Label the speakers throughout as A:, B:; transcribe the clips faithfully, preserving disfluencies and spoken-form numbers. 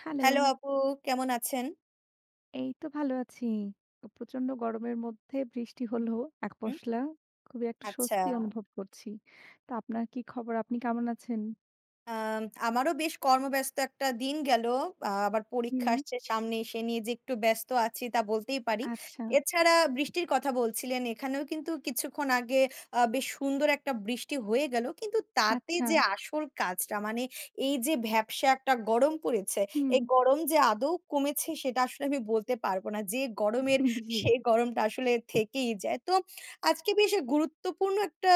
A: Hello.
B: Hello আপু কেমন আছেন?
A: এই তো ভাল আছি। প্রচণ্ড গরমের মধ্যে বৃষ্টি হল এক
B: হুম।
A: পশলা। খুবই একটা স্বস্তি
B: আচ্ছা।
A: অনুভব করছি। তা আপনার কী খবর? আপনি কেমন আছেন?
B: আম আমারও বেশ কর্মব্যস্ত একটা দিন গেল। আ আবার পরীক্ষা
A: হুম।
B: আসছে সামনে, সে নিয়ে যে একটু ব্যস্ত আছি তা বলতেই পারি।
A: আচ্ছা।
B: এছাড়া বৃষ্টির কথা বলছিলেন; এখানেও কিন্তু কিছুক্ষণ আগে আ বেশ সুন্দর একটা বৃষ্টি হয়ে গেল। কিন্তু তাতে
A: আচ্ছা।
B: যে আসল কাজটা মানে, এই যে ভ্যাপসা একটা গরম পড়েছে; এই
A: হুম।
B: গরম যে আদৌ কমেছে, সেটা আসলে আমি বলতে পারব না। যে গরমের,
A: হুম, জি।
B: সে গরমটা আসলে থেকেই যায়। তো আজকে বেশ গুরুত্বপূর্ণ একটা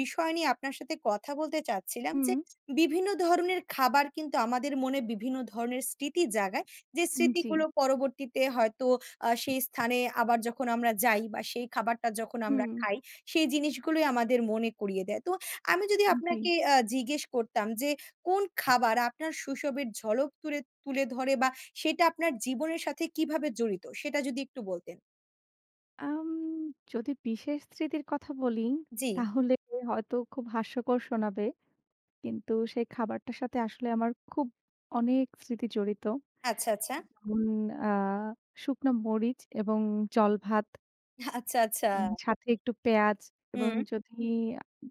B: বিষয় নিয়ে আপনার সাথে কথা বলতে চাচ্ছিলাম যে,
A: হুম।
B: বিভিন্ন ধরনের খাবার কিন্তু আমাদের মনে বিভিন্ন ধরনের স্মৃতি জাগায়। যে
A: আন জি।
B: স্মৃতিগুলো পরবর্তীতে হয়তো আ সেই স্থানে আবার যখন আমরা যাই বা সেই খাবারটা যখন আমরা
A: হুম।
B: খাই, সেই জিনিসগুলোই আমাদের মনে করিয়ে দেয়। তো আমি যদি
A: আ জি।
B: আপনাকে আ জিজ্ঞেস করতাম যে, "কোন খাবার আপনার শৈশবের ঝলক তুলে তুলে ধরে বা সেটা আপনার জীবনের সাথে কীভাবে জড়িত?" সেটা যদি একটু বলতেন।
A: আম যদি বিশেষ স্মৃতির কথা বলি,
B: জি।
A: তাহলে হয়তো খুব হাস্যকর শোনাবে। কিন্তু সেই খাবারটার সাথে আসলে আমার খুব অনেক স্মৃতি জড়িত।
B: আচ্ছা, আচ্ছা।
A: হুম আ শুকনো মরিচ এবং জলভাত।
B: আচ্ছা, আচ্ছা।
A: উম সাথে একটু পেঁয়াজ এবং
B: হুম।
A: যদি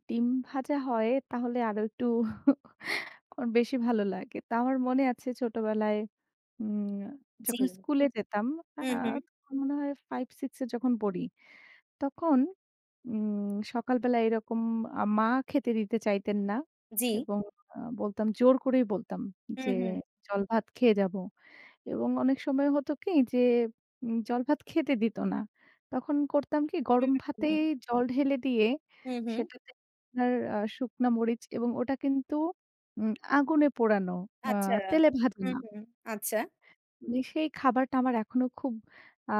A: ডিম ভাজা হয়; তাহলে আরো একটু বেশি ভালো লাগে। তো আমার মনে আছে ছোটবেলায় উম
B: জি।
A: যখন স্কুলে যেতাম। আ
B: হুম, হুম।
A: তখন মনে হয় five-six এ যখন পড়ি; তখন উম সকালবেলায় এরকম আ মা খেতে দিতে চাইতেন না
B: জি।
A: এবং আ বলতাম জোর করেই বলতাম যে,
B: হুম, হুম।
A: "জলভাত খেয়ে যাবো" এবং অনেক সময় হতো কি যে, জলভাত খেতে দিত না। তখন করতাম কি,
B: হুম,
A: গরম
B: হুম।
A: ভাতেই জল ঢেলে দিয়ে
B: হুম, হুম।
A: সেটাতে আপনার আ শুকনা মরিচ এবং ওটা কিন্তু উম আগুনে পোড়ানো। আ
B: আচ্ছা।
A: তেলে ভাজা
B: হুম,
A: না।
B: হুম। আচ্ছা।
A: সেই খাবারটা আমার এখনো খুব আ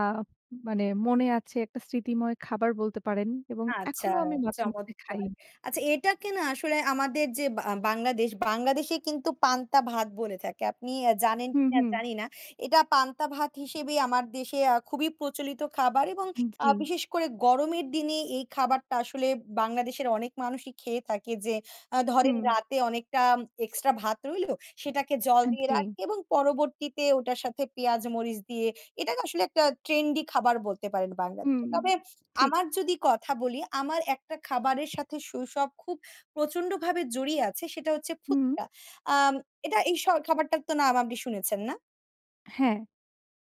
A: মানে মনে আছে। একটা স্মৃতিময় খাবার বলতে পারেন এবং
B: আচ্ছা,
A: এখনো আমি মাঝে মধ্যে খাই।
B: চমৎকার। আচ্ছা এটাকে না আসলে আমাদের যে বা বাংলাদেশ; বাংলাদেশে কিন্তু পান্তা-ভাত বলে থাকে। আপনি জানেন
A: হুম,
B: কিনা,
A: হুম।
B: জানি না। এটা পান্তা-ভাত হিসেবে আমার দেশে আ খুবই প্রচলিত খাবার এবং আ
A: জি।
B: বিশেষ করে গরমের দিনে এই খাবারটা আসলে বাংলাদেশের অনেক মানুষই খেয়ে থাকে যে, আ ধরেন
A: হুম।
B: রাতে অনেকটা এক্সট্রা ভাত রইলো; সেটাকে জল
A: আন
B: দিয়ে
A: জি।
B: রাখে এবং পরবর্তীতে ওটার সাথে পেঁয়াজ, মরিচ দিয়ে এটাকে আসলে একটা ট্রেন্ডি খাবার বলতে পারেন
A: হুম
B: বাংলাদেশে। তবে
A: ঠিক।
B: আমার যদি কথা বলি, আমার একটা খাবারের সাথে শৈশব খুব প্রচন্ডভাবে জড়িয়ে আছে সেটা হচ্ছে
A: হুম।
B: ফুচকা। আ এটা এই স খাবারটার তো নাম আপনি শুনেছেন না?
A: হ্যাঁ।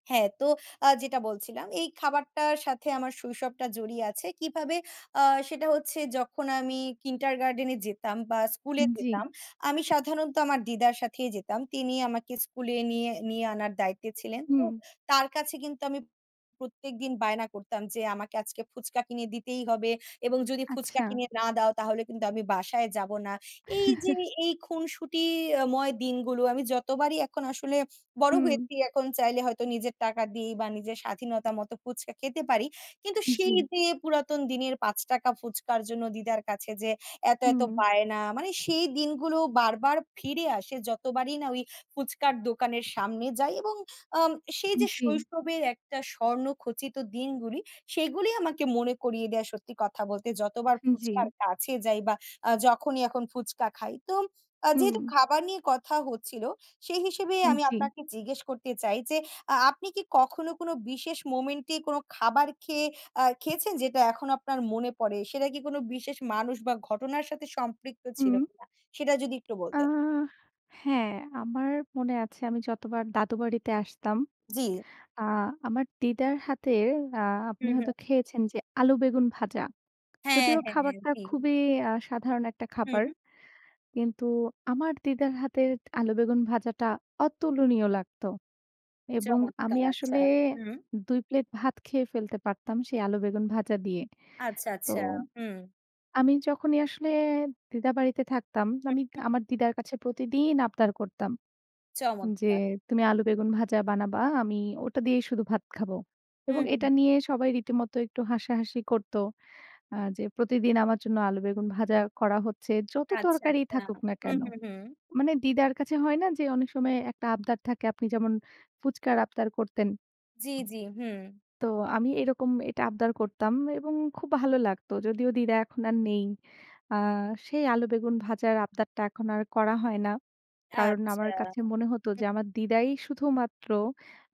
B: হ্যাঁ। তো আ যেটা বলছিলাম। এই খাবারটার সাথে আমার শৈশবটা জড়িয়ে আছে। কিভাবে? আ সেটা হচ্ছে যখন আমি কিন্ডারগার্ডেনে যেতাম বা স্কুলে
A: আন জ্বি।
B: যেতাম। আমি সাধারণত আমার দিদার সাথেই যেতাম। তিনি আমাকে স্কুলে নিয়ে, নিয়ে আনার দায়িত্বে ছিলেন।
A: হুম।
B: তো তার কাছে কিন্তু আমি প্রত্যেকদিন বায়না করতাম। যে, "আমাকে আজকে ফুচকা কিনে দিতেই হবে এবং যদি ফুচকা
A: আচ্ছা।
B: কিনে না দাও তাহলে কিন্তু আমি বাসায় যাব না।" এই যে এই খুনসুটিময় দিনগুলো আমি যতবারই এখন আসলে বড়
A: হু।
B: হয়েছি। এখন চাইলে হয়তো নিজের টাকা দিয়ে বা নিজের স্বাধীনতার মতো ফুচকা খেতে পারি। কিন্তু সেই
A: জ্বি।
B: যে পুরাতন দিনের পাঁচ টাকা ফুচকার জন্য দিদার কাছে যে এত, এত
A: হুম।
B: বায়না। মানে সেই দিনগুলো বারবার ফিরে আসে। যতবারই না ওই ফুচকার দোকানের সামনে যাই এবং আ সেই যে
A: উ-জ্বি।
B: শৈশবের একটা স্বর্ণ খচিত দিনগুলি সেগুলি আমাকে মনে করিয়ে দেয় সত্যি কথা বলতে যতবার
A: জ্বী।
B: ফুচকার কাছে যাই বা আ যখনই এখন ফুচকা খাই। তো আ যেহেতু
A: হু।
B: খাবার নিয়ে কথা হচ্ছিল, সেই হিসেবেই আমি
A: উম-জি।
B: আপনাকে জিজ্ঞেস করতে চাই। যে আ আপনি কি কখনো কোনো বিশেষ মোমেন্টে কোন খাবার খেয়ে আ খেয়েছেন যেটা এখন আপনার মনে পড়ে? সেটা কি কোনো বিশেষ মানুষ বা ঘটনার সাথে সম্পৃক্ত ছিল
A: হুম।
B: কিনা? সেটা যদি একটু
A: আ
B: বলতেন।
A: হ্যাঁ, আমার মনে আছে আমি যতবার দাদু বাড়িতে আসতাম।
B: জ্বী।
A: আ আমার দিদার হাতে আ
B: হু,
A: আপনি
B: হু।
A: হয়তো খেয়েছেন যে আলু বেগুন ভাজা।
B: হ্যাঁ,
A: যদিও
B: হ্যাঁ,
A: খাবারটা
B: জি।
A: খুবই আ সাধারণ একটা খাবার।
B: হু।
A: কিন্তু আমার দিদার হাতে আলু বেগুন ভাজাটা অতুলনীয় লাগত। এবং আমি
B: চমৎকার! আচ্ছা।
A: আসলে
B: হু।
A: দুই প্লেট ভাত খেয়ে ফেলতে পারতাম। সেই আলু বেগুন ভাজা দিয়ে।
B: আচ্ছা,
A: তো
B: আচ্ছা হুম।
A: আমি যখনই আসলে দিদার বাড়িতে থাকতাম, আমি
B: হু।
A: আমার দিদার কাছে প্রতিদিন আবদার করতাম। যে,
B: চমৎকার!
A: "তুমি আলু বেগুন ভাজা বানাবা। আমি ওটা দিয়েই শুধু ভাত খাবো।"
B: হু,
A: এবং এটা
B: হু।
A: নিয়ে সবাই রীতিমত একটু হাসাহাসি করত। আ যে প্রতিদিন আমার জন্য আলু বেগুন ভাজা করা হচ্ছে। যত
B: আচ্ছা,
A: তরকারি
B: আচ্ছা।
A: থাকুক না
B: হুম,
A: কেন?
B: হুম, হুম।
A: মানে দিদার কাছে হয় না যে অনেক সময় একটা আবদার থাকে। আপনি যেমন ফুচকার আবদার করতেন
B: জ্বি, জ্বি, হু।
A: তো আমি এরকম এটা আবদার করতাম এবং খুব ভালো লাগতো। যদিও দিদা এখন আর নেই। আ সেই আলু বেগুন ভাজার আবদারটা এখন আর করা হয় না। কারণ
B: আচ্ছা।
A: আমার কাছে মনে হতো
B: হু,
A: যে আমার দিদাই
B: হু।
A: শুধুমাত্র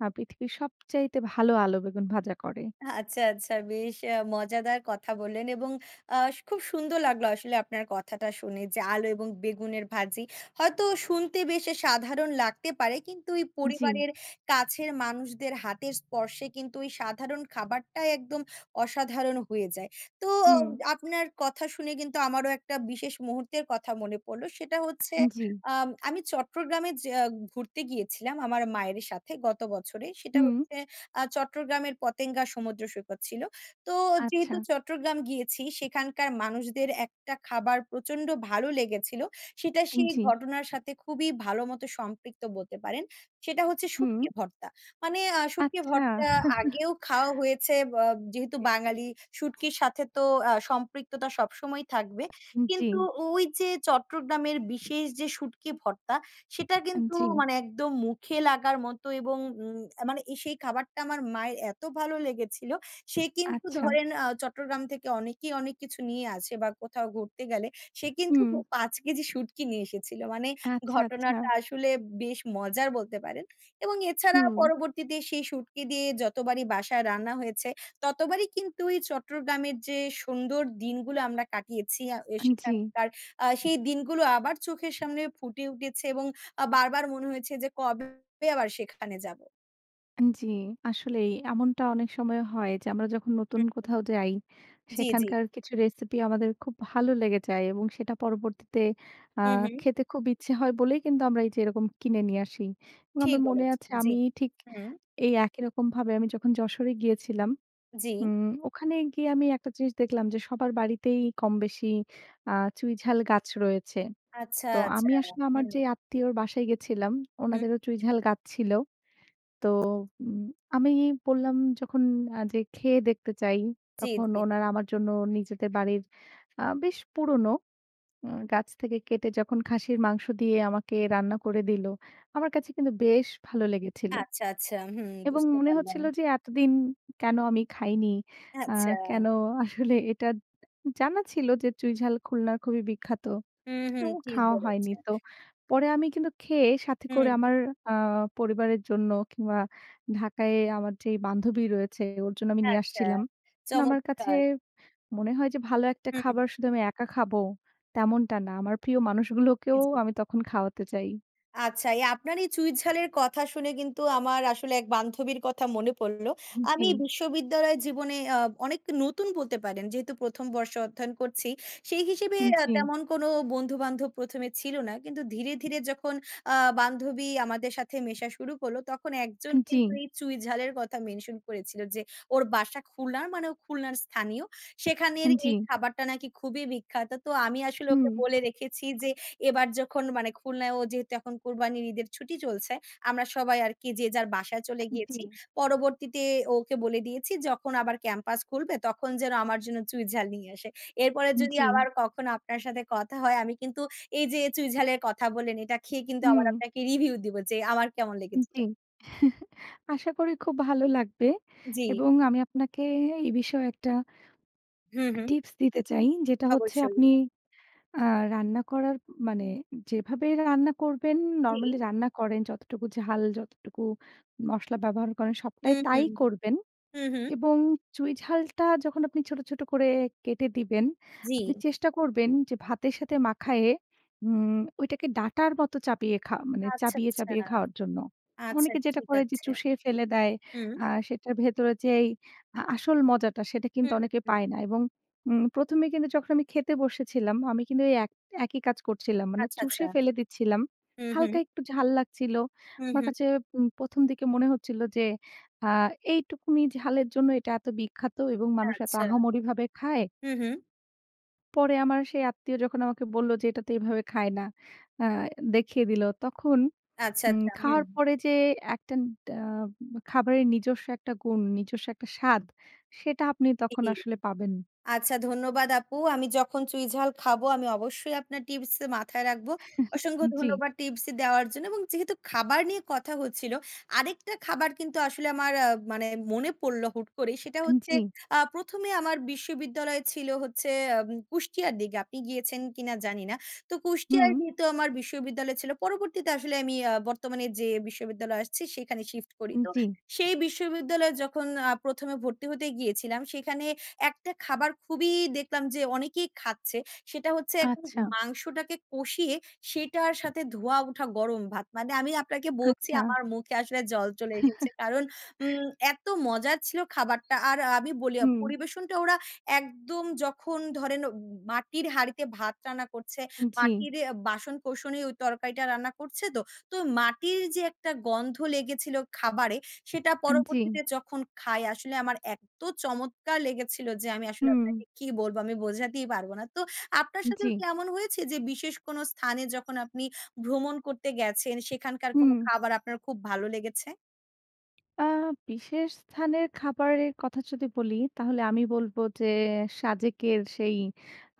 A: আ পৃথিবীর সবচাইতে ভালো আলু বেগুন ভাজা করে।
B: আচ্ছা, আচ্ছা। বেশ আ মজাদার কথা বললেন এবং আ খুব সুন্দর লাগলো আসলে আপনার কথাটা শুনে। যে আলু এবং বেগুনের ভাজি। হয়তো শুনতে বেশ সাধারণ লাগতে পারে। কিন্তু ওই
A: জ্বি।
B: পরিবারের কাছের মানুষদের হাতের স্পর্শে কিন্তু ওই সাধারণ খাবারটাই একদম অসাধারণ হয়ে যায়। তো
A: হুম।
B: আপনার কথা শুনে কিন্তু আমারও একটা বিশেষ মুহূর্তের কথা মনে পড়লো। সেটা হচ্ছে
A: জ্বি।
B: আ আমি চট্টগ্রামে যা ঘুরতে গিয়েছিলাম। আমার মায়ের সাথে গত বছরে। সেটা
A: হুঁ।
B: হচ্ছে আ চট্টগ্রামের পতেঙ্গা সমুদ্র সৈকত ছিল। তো
A: আচ্ছা।
B: যেহেতু চট্টগ্রাম গিয়েছি। সেখানকার মানুষদের একটা খাবার প্রচন্ড ভালো লেগেছিল। সেটা
A: আন
B: সেই
A: জ্বি।
B: ঘটনার সাথে খুবই ভালো মতো সম্পৃক্ত বলতে পারেন। সেটা হচ্ছে শুটকি
A: হু।
B: ভর্তা। মানে আ শুটকি
A: আচ্ছা।
B: ভর্তা আগেও খাওয়া হয়েছে, ব আ যেহেতু বাঙালি শুটকির সাথে তো আ সম্পৃক্ততা সবসময়ই থাকবে।
A: জ্বী।
B: কিন্তু ওই যে চট্টগ্রামের বিশেষ যে শুটকি ভর্তা। সেটা কিন্তু
A: জ্বি।
B: মানে একদম মুখে লাগার মতো এবং উ মানে সেই খাবারটা আমার মায়ের এত ভালো লেগেছিল। সে কিন্তু
A: আচ্ছা।
B: ধরেন আ চট্টগ্রাম থেকে অনেকেই অনেক কিছু নিয়ে আসে বা কোথাও ঘুরতে গেলে। সে কিন্তু
A: হু।
B: পাঁচ কেজি শুঁটকি নিয়ে এসেছিলো। মানে
A: আচ্ছা,
B: ঘটনাটা
A: আচ্ছা।
B: আসলে বেশ মজার বলতে পারেন এবং এছাড়া
A: হু।
B: পরবর্তীতে সেই শুঁটকি দিয়ে যতবারই বাসায় রান্না হয়েছে। ততবারই কিন্তু এই চট্টগ্রামের যে সুন্দর দিনগুলো আমরা কাটিয়েছি। আ
A: আন জ্বি।
B: সেখানকার আ সেই দিনগুলো আবার চোখের সামনে ফুটে উঠেছে এবং আ বারবার মনে হয়েছে যে কবে [unintelligible] আবার সেখানে যাব।
A: জি। আসলেই এমনটা অনেক সময় হয় যে, আমরা যখন নতুন
B: হু, হু।
A: কোথাও যাই
B: জি, জি।
A: সেখানকার কিছু রেসিপি আমাদের খুব ভালো লেগে যায় এবং সেটা পরবর্তীতে আ
B: হুম, হুম।
A: খেতে খুব ইচ্ছে হয় বলেই কিন্তু আমরা এই যে এরকম কিনে নিয়ে আসি এবং
B: ঠিক
A: আমার মনে
B: বলেছেন,
A: আছে
B: জি,
A: আমি ঠিক
B: হুম।
A: এই একই রকমভাবে আমি যখন যশোরে গিয়েছিলাম,
B: জি।
A: উম ওখানে গিয়ে আমি একটা জিনিস দেখলাম যে, সবার বাড়িতেই কমবেশি আ চুঁই ঝাল গাছ রয়েছে।
B: আচ্ছা,
A: তো
B: আচ্ছা,
A: আমি আসলে আমার
B: হুম।
A: যে, আত্মীয়র বাসায় গেছিলাম,
B: হুম।
A: উনাদেরও চুঁই ঝাল গাছ ছিল। তো, উম আমি বললাম যখন আ যে খেয়ে দেখতে চাই
B: জি,
A: তখন
B: জি।
A: ওনারা আমার জন্য নিজেদের বাড়ির আ বেশ পুরনো আ গাছ থেকে কেটে যখন খাসির মাংস দিয়ে আমাকে রান্না করে দিল। আমার কাছে কিন্তু বেশ ভালো লেগেছিল
B: আচ্ছা, আচ্ছা, হুম,
A: এবং
B: বুঝতে
A: মনে
B: পারলাম।
A: হচ্ছিল যে, এতদিন কেন আমি খাইনি? আ
B: আচ্ছা।
A: কেন আসলে এটা জানা ছিল যে, চুঁই ঝাল খুলনার খুবই বিখ্যাত
B: হুম,
A: কিন্তু
B: হুম, ঠিক
A: খাওয়া হয়নি।
B: বলেছে।
A: তো পরে আমি কিন্তু খেয়ে সাথে করে
B: হুম।
A: আমার আ পরিবারের জন্য কিংবা ঢাকায় আমার যে, বান্ধবী রয়েছে ওর জন্য আমি নিয়ে
B: আচ্ছা,
A: আসছিলাম। আমার কাছে
B: চমৎকার।
A: মনে হয় যে, ভালো এক টা
B: হুম।
A: খাবার শুধু আমি একা খাবো। তেমনটা না। আমার প্রিয় মানুষগুলোকেও
B: জি।
A: আমি তখন খাওয়াতে চাই।
B: আচ্ছা এই আপনার এই চুঁই ঝালের কথা শুনে কিন্তু আমার আসলে এক বান্ধবীর কথা মনে পড়ল।
A: আ জ্বি।
B: আমি বিশ্ববিদ্যালয়ের জীবনে আ অনেক নতুন বলতে পারেন যেহেতু প্রথম বর্ষ অধ্যয়ন করছি। সেই হিসেবে
A: আ
B: আ
A: জ্বি।
B: তেমন কোনো বন্ধু-বান্ধব প্রথমে ছিল না। কিন্তু ধীরে, ধীরে, যখন আ বান্ধবী আমাদের সাথে মেশা শুরু করল তখন এক
A: আ
B: জন
A: জ্বি।
B: কিন্তু এই চুঁই ঝালের কথা মেনশন করেছিল যে ওর বাসা খুলনার মানে ও খুলনার স্থানীয়।
A: আ
B: সেখানের
A: জ্বি।
B: এই খাবারটা নাকি খুবই বিখ্যাত। তো আমি আসলে
A: হুম।
B: ওকে বলে রেখেছি যে এবার যখন মানে খুলনায় ও যেহেতু এখন কুরবানির ঈদের ছুটি চলছে, আমরা সবাই আরকি যে যার বাসায়
A: আ
B: চলে
A: জ্বী।
B: গিয়েছি, পরবর্তীতে ওকে বলে দিয়েছি যখন আবার ক্যাম্পাস খুলবে তখন যেন আমার জন্য চুঁই ঝাল নিয়ে আসে। এরপরে
A: আ
B: যদি
A: জ্বি।
B: আবার কখনো আপনার সাথে কথা হয়। আমি কিন্তু এই যে চুঁই ঝালের কথা বললেন এটা খেয়ে কিন্তু আবার
A: হুম।
B: আপনাকে রিভিউ দিব যে আমার কেমন লেগেছিল।
A: জ্বী। আশা করি খুব ভালো লাগবে।
B: জ্বী।
A: এবং আমি আপনাকে এ বিষয়ে একটা
B: হু, হু।
A: টিপস দিতে চাই। যেটা হচ্ছে আপনি
B: অবশ্যই।
A: আ রান্না করার মানে যেভাবেই রান্না করবেন,
B: জ্বি।
A: নরমালি রান্না করেন, যতটুকু ঝাল, যতটুকু মশলা ব্যবহার করেন,
B: হু,
A: সবটাই
B: হু,
A: তাই করবেন।
B: হু, হু।
A: এবং চুঁই ঝালটা যখন আপনি ছোট, ছোট, করে কেটে দিবেন, আপনি
B: জ্বি।
A: চেষ্টা করবেন যে ভাতের সাথে মাখায়ে উম! ওইটাকে ডাঁটার মতো চাপিয়ে খা মানে
B: আচ্ছা,
A: চাবিয়ে,
B: আচ্ছা,
A: চাবিয়ে, খাওয়ার জন্য।
B: আচ্ছা।
A: অনেকে যেটা
B: ঠিক
A: করে যে
B: আছে।
A: চুষে ফেলে দেয়
B: হু।
A: আ সেটার ভেতরে যেই আ আসল মজাটা সেটা কিন্তু
B: হুম,
A: অনেকে
B: হু।
A: পায় না। এবং উম! প্রথমেই কিন্তু যখন আমি খেতে বসেছিলাম আমি কিন্তু এক একই কাজ করছিলাম। মানে
B: আচ্ছা,
A: চুষে
B: আচ্ছা।
A: ফেলে দিচ্ছিলাম।
B: হু, হু।
A: হালকা একটু ঝাল লাগছিল।
B: হু,
A: আমার
B: হু।
A: কাছে প্রথম দিকে মনে হচ্ছিল যে আ এইটুকুনিই ঝালের জন্য এটা এত বিখ্যাত এবং মানুষ এত
B: আচ্ছা।
A: আহামরিভাবে খায়?
B: হু, হু।
A: পরে আমার সেই আত্মীয় যখন আমাকে বলল যে, এটা তো এভাবে খায় না। আ দেখিয়ে দিল। তখন
B: আচ্ছা,
A: উম
B: আচ্ছা। হুম।
A: খাওয়ার পরে যে, একটা ডা খাবারের নিজস্ব একটা গুণ, নিজস্ব একটা স্বাদ। সেটা আপনি তখন আসলে পাবেন।
B: [unintelligible] আচ্ছা, ধন্যবাদ আপু। আমি যখন চুঁই ঝাল খাবো আমি অবশ্যই আপনার টিপস মাথায় রাখব। অসংখ্য
A: জি।
B: ধন্যবাদ টিপস দেওয়ার জন্য এবং যেহেতু খাবার নিয়ে কথা হচ্ছিল। আরেকটা খাবার কিন্তু আসলে আমার আ মানে মনে পড়লো হুট করেই। সেটা
A: আ
B: হচ্ছে
A: জি।
B: আ প্রথম এ আমার বিশ্ববিদ্যালয় ছিল হচ্ছে, আম কুষ্টিয়ার দিকে। আপনি গিয়েছেন কি না জানি না। তো কুষ্টিয়ার
A: হুঁ।
B: যেহেতু আমার বিশ্ববিদ্যালয় ছিল। পরবর্তীতে আসলে আমি আ বর্তমানে যে বিশ্ববিদ্যালয়ে আসছি সেখানে শিফট করি। তো
A: জি।
B: সেই বিশ্ববিদ্যালয়ে যখন আ প্রথম এ ভর্তি হতে গিয়েছিলাম, সেখানে এক টা খাবার খুবই দেখলাম যে, অনেকেই খাচ্ছে। সেটা হচ্ছে একদম
A: আচ্ছা।
B: মাংসটাকে কষিয়ে সেটার সাথে ধোঁয়া ওঠা গরম ভাত। মানে আমি আপনাকে বলছি
A: আচ্ছা।
B: আমার মুখে আসলে জল চলে এসেছে। কারণ উম এত মজার ছিল খাবারটা। আর আমি বলি আ
A: হুম।
B: পরিবেশনটা ওরা একদম যখন ধরেন, মাটির হাঁড়িতে ভাত রান্না করছে,
A: জি।
B: মাটির বাসন-কোসনে ঐ তরকারিটা রান্না করছে তো। তো মাটির যে একটা গন্ধ লেগেছিল খাবারে, সেটা
A: আন জি।
B: পরবর্তীতে যখন খাই আসলে আমার এত্ত চমৎকার লেগেছিল যে, আমি আসলে
A: হুম।
B: আপনাকে কি বলবো আমি বোঝাতেই পারবো না। তো আপনার সাথেও
A: জি।
B: কি এমন হয়েছে যে, বিশেষ কোন স্থানে যখন আপনি ভ্রমণ করতে গেছেন সেখানকার কোন
A: হুম।
B: খাবার আপনার খুব ভালো লেগেছে?
A: আ বিশেষ স্থানের খাবারের কথা যদি বলি, তাহলে আমি বলবো যে, সাজেকের সেই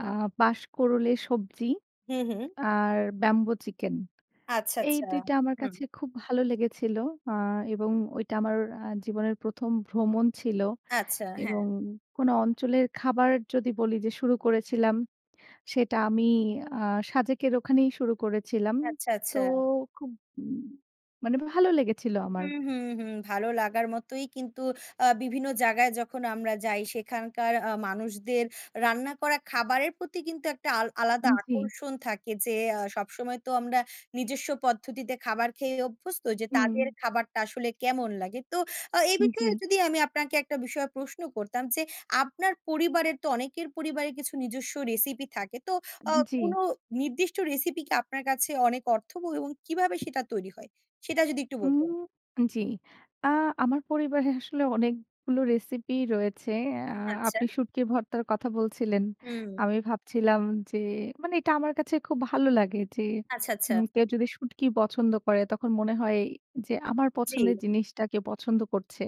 A: আ বাশ-কোড়লের সবজি।
B: হুম, হুম।
A: আর ব্যাম্বো চিকেন।
B: আচ্ছা,
A: এই
B: আচ্ছা,
A: দুই টা আমার
B: হুম।
A: কাছে খুব ভালো লেগেছিল। আ এবং ওইটা আমার এ্যা জীবনের প্রথম ভ্রমণ ছিল।
B: আচ্ছা,
A: এবং
B: হ্যাঁ।
A: কোনো অঞ্চলের খাবার যদি বলি যে শুরু করেছিলাম, সেটা আমি আ সাজেকের ওখানেই শুরু করেছিলাম।
B: আচ্ছা,
A: তো
B: আচ্ছা।
A: খুব মানে ভালো লেগেছিল আমার।
B: হুম, হুম, হুম ভালো লাগার মতোই কিন্তু। আ বিভিন্ন জায়গায় যখন আমরা যাই, সেখানকার আ মানুষদের রান্না করা খাবারের প্রতি কিন্তু একটা আল আলাদা
A: হুম, জি।
B: আকর্ষণ থাকে; যে আ সবসময় তো আমরা নিজস্ব পদ্ধতিতে খাবার খেয়েই অভ্যস্ত যে, তাদের
A: হুম।
B: খাবারটা আসলে কেমন লাগে? তো আ এই
A: হুম, জি।
B: বিষয়ে যদি আমি আপনাকে একটা বিষয়ে প্রশ্ন করতাম যে, আপনার পরিবারের তো অনেকের পরিবারের কিছু নিজস্ব রেসিপি থাকে; তো আ
A: হুম, জি।
B: কোনো নির্দিষ্ট রেসিপি কি আপনার কাছে অনেক অর্থবহুল এবং কীভাবে সেটা তৈরী হয়? সেটা যদি একটু বলতেন।
A: উম জি। আ আমার পরিবারে আসলে অনেকগুলো রেসিপি রয়েছে। আ
B: আচ্ছা।
A: আপনি শুটকি ভর্তার কথা বলছিলেন।
B: হুম।
A: আমি ভাবছিলাম যে মানে, এটা আমার কাছে খুব ভালো লাগে। যে,
B: আচ্ছা, আচ্ছা।
A: উম কেউ যদি শুঁটকি পছন্দ করে, তখন মনে হয় যে আমার পছন্দের
B: জি।
A: জিনিসটা কেউ পছন্দ করছে।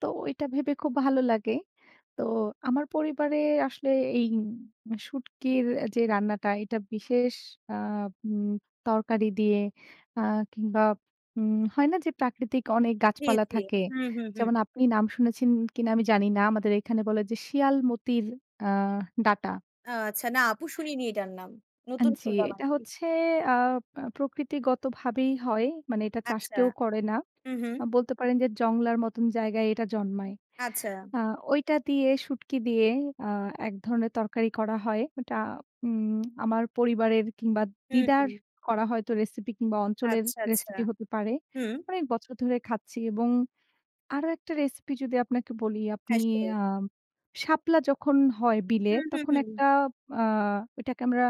A: তো ওইটা ভেবে খুব ভালো লাগে। তো আমার পরিবারে আসলে এই শুটকির যে রান্নাটা, এটা বিশেষ আ উম তরকারি দিয়ে আ কিংবা উম হয় না যে, প্রাকৃতিক অনেক
B: জি,
A: গাছপালা
B: জি।
A: থাকে।
B: হুম, হুম, হুম।
A: যেমন আপনি নাম শুনেছেন কিনা আমি জানি না। আমাদের এখানে বলে যে শিয়ালমতির আ ডাটা।
B: আচ্ছা, না আপু শুনিনি এটার নাম।
A: আন
B: নতুন
A: জি।
B: শুনলাম
A: এটা
B: আরকি।
A: হচ্ছে আ প্রকৃতিগতভাবেই হয়। মানে এটা চাষ
B: আচ্ছা।
A: কেউ করে না।
B: হুম, হুম।
A: বলতে পারেন যে, জংলার মতন জায়গায় এটা জন্মায়।
B: আচ্ছা।
A: আ ঐটা দিয়ে, শুটকি দিয়ে আ এক ধরনের তরকারি করা হয়। ওটা উম আমার পরিবারের কিংবা
B: হুম,
A: দিদার
B: হুম।
A: করা হয়তো রেসিপি কিংবা অঞ্চলের
B: আচ্ছা, আচ্ছা।
A: রেসিপি হতে পারে।
B: হুম।
A: অনেক বছর ধরে খাচ্ছি এবং আরো একটা রেসিপি যদি আপনাকে বলি, আপনি
B: হ্যাঁ, সিওর।
A: আ শাপলা যখন হয় বিলে,
B: হুম, হুম,
A: তখন
B: হুম।
A: একটা আ ওটাকে আমরা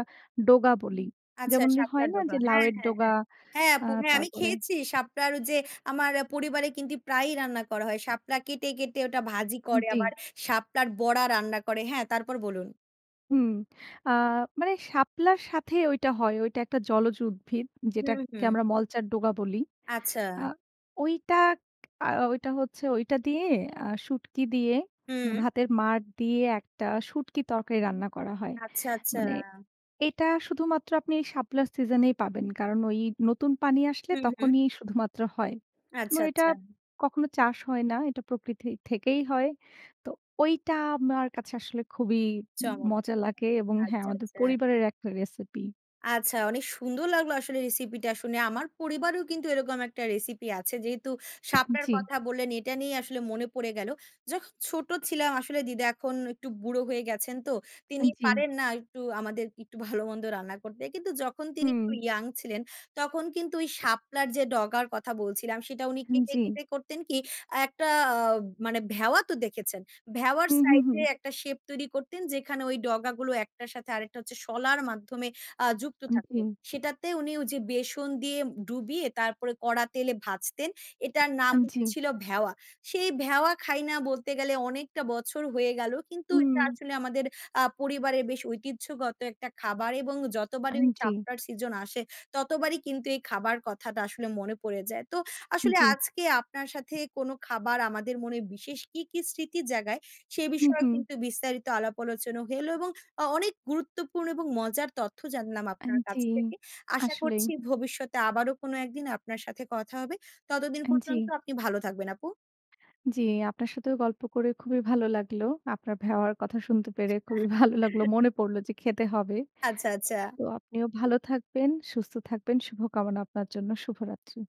A: ডোগা বলি।
B: আচ্ছা
A: যেমন যে হয়
B: শাপলার
A: না
B: ডোগা।
A: যে,
B: হ্যাঁ,
A: লাউয়ের
B: হ্যাঁ,
A: ডোগা
B: হ্যাঁ। হ্যাঁ,
A: আ
B: আপু হ্যাঁ, আমি
A: তারপরে
B: খেয়েছি শাপলার যে আমার পরিবারে কিন্তু প্রায়ই রান্না করা হয়। শাপলা কেটে, কেটে ওটা ভাজি করে,
A: জি।
B: আবার শাপলার বড়া রান্না করে হ্যাঁ তারপর বলুন।
A: হুম আ মানে শাপলার সাথে ওইটা হয়। ওইটা একটা জলজ উদ্ভিদ
B: হুম,
A: যেটাকে
B: হুম।
A: আমরা মলচার ডোগা বলি।
B: আচ্ছা।
A: আ ঐটা আ ঐটা হচ্ছে ঐটা দিয়ে, আ শুটকি দিয়ে,
B: হুম।
A: ভাতের মাড় দিয়ে একটা শুঁটকি তরকারি রান্না করা হয়।
B: আচ্ছা, আচ্ছা।
A: মানে এটা শুধুমাত্র আপনি শাপলার সিজন এই পাবেন। কারণ ওই নতুন পানি আসলে
B: হুম, হুম।
A: তখনই শুধুমাত্র হয়। এবং
B: আচ্ছা,
A: এটা
B: আচ্ছা।
A: কখনো চাষ হয় না। এটা প্রকৃতি থেকেই হয়। তো ঐটা আমার কাছে আসলে খুবই
B: চমৎ
A: মজা লাগে
B: [unintelligible]
A: এবং হ্যাঁ
B: আচ্ছা,
A: আমাদের
B: আচ্ছা।
A: পরিবারের একটা রেসিপি।
B: আচ্ছা, অনেক সুন্দর লাগলো আসলে রেসিপিটা শুনে। আমার পরিবারেও কিন্তু এরকম একটা রেসিপি আছে। যেহেতু শাপলার
A: জি।
B: কথা বললেন, এটা নিয়ে আসলে মনে পড়ে গেল। যখন ছোট ছিলাম আসলে দিদা এখন একটু বুড়ো হয়ে গেছেন তো, তিনি
A: জি।
B: পারেন না একটু আমাদের একটু ভালো মন্দ রান্না করতে। কিন্তু যখন তিনি
A: হুম।
B: একটু ইয়াং ছিলেন, তখন কিন্তু ওই শাপলার যে ডগার কথা বলছিলাম সেটা উনি
A: হুম,
B: কেটে,
A: জি।
B: কেটে করতেন কি? একটা আ মানে ভেওয়া তো দেখেছেন? ভেওয়ার
A: হু, হু,
B: সাইড
A: হুম।
B: এ একটা শেপ তৈরি করতেন যেখানে ওই ডগা গুলো এক টার সাথে আরেকটা হচ্ছে শলার মাধ্যমে আ যুক্ত থাকত।
A: জি।
B: সেটাতে উনি ওই যে বেসন দিয়ে ডুবিয়ে তারপরে কড়া তেলে ভাজতেন। এটার নাম
A: আ জি।
B: হচ্ছিল ভেওয়া। সেই ভেওয়া খাই না বলতে গেলে অনেকটা বছর হয়ে গেল, কিন্তু এটা
A: হুম।
B: আসলে আমাদের আ পরিবারের বেশ ঐতিহ্যগত একটা খাবার এবং
A: আ
B: যতবারই
A: জি।
B: চাপটার সিজন আসে, ততবারই কিন্তু এই খাবার কথাটা আসলে মনে পড়ে যায়। তো আসলে
A: জি।
B: আজকে আপনার সাথে কোনো খাবার আমাদের মনে বিশেষ কি, কি স্মৃতির জায়গায়, সে
A: হুম,
B: বিষয়ে
A: হুম।
B: কিন্তু বিস্তারিত আলাপ আলোচনা হলো এবং অ অনেক গুরুত্বপূর্ণ এবং মজার তথ্য জানলাম
A: আ
B: আপনার কাছ
A: জি,
B: থেকে। আশা
A: আসলেই।
B: করছি ভবিষ্যতে আবারো কোনো এক দিন আপনার সাথে কথা হবে। ততদিন
A: আ
B: পর্যন্ত
A: জি।
B: আপনি ভালো থাকবেন আপু।
A: জি, আপনার সাথেও গল্প করে খুবই ভালো লাগলো। আপনার ভেওয়ার কথা শুনতে পেরে খুবই ভালো লাগলো। মনে পড়ল যে খেতে হবে।
B: আচ্ছা, আচ্ছা।
A: তো আপনিও ভালো থাকবেন, সুস্থ থাকবেন, শুভকামনা আপনার জন্য। শুভরাত্রি।